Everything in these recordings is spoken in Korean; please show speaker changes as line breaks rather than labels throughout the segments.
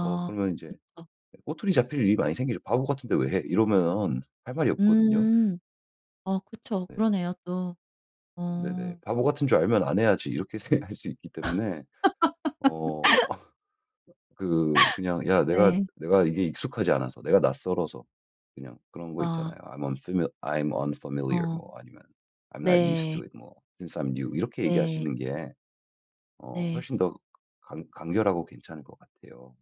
어 그러면 인제
그쵸.
꼬투리 잡힐 일이 많이 생기죠. "바보 같은데 왜 해?" 이러면은 할 말이 없거든요.
음. 어 그쵸.
네.
그러네요, 또.
네네.
어.
'바보 같은 줄 알면 안 해야지.' 이렇게 생각할 수 있기 때문에 어 그 그냥 "야, 내가
네.
내가 이게 익숙하지 않아서, 내가 낯설어서" 그냥 그런 거
아.
있잖아요. "I'm unfimi I'm unfamiliar."
어.
뭐 아니면 I'm not used to
네.
it. 뭐 Since I'm new. 이렇게
네.
얘기하시는 게 어
네.
훨씬 더 간 간결하고 괜찮을 것 같아요.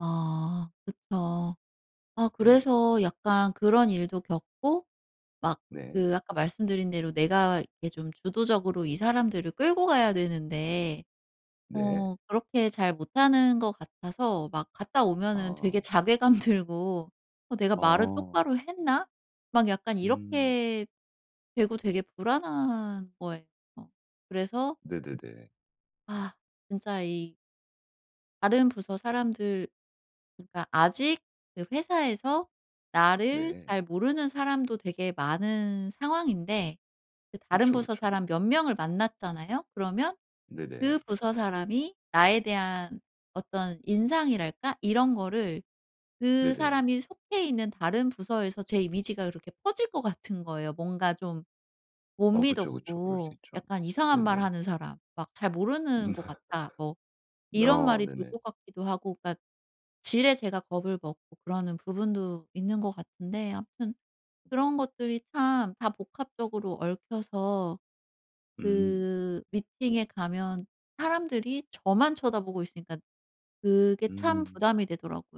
아. 그쵸. 아
네네.
그래서 약간 그런 일도 겪고 막
네.
그 아까 말씀드린 대로 내가 이렇게 좀 주도적으로 이 사람들을 끌고 가야 되는데
네.
어 그렇게 잘 못하는 것 같아서 막 갔다 오면은 되게
아.
자괴감 들고 '어 내가 말을
어.
똑바로 했나?' 막 약간
음.
이렇게 되고 되게 불안한 거예요. 그래서
네네네.
아 진짜 이 다른 부서 사람들 그러니까 아직 그 회사에서 나를
네.
잘 모르는 사람도 되게 많은 상황인데 그 다른
그쵸,
부서
그쵸.
사람 몇 명을 만났잖아요. 그러면
네네.
그 부서 사람이 나에 대한 어떤 인상이랄까 이런 거를 그
네네.
사람이 속해 있는 다른 부서에서 제 이미지가 그렇게 퍼질 것 같은 거예요, 뭔가 좀 못
어 그쵸, 그쵸. 그럴 수
미덥고
있죠.
약간 이상한 말
네네.
하는 사람. 막 "잘
음.
모르는 것 같다." 뭐 이런
아
말이 돌
네네.
것 같기도 하고 그러니까 지레 제가 겁을 먹고 그러는 부분도 있는 것 같은데 아무튼 그런 것들이 참 다 복합적으로 얽혀서
음.
그 미팅에 가면 사람들이 저만 쳐다보고 있으니까 그게 참
음.
부담이 되더라고요.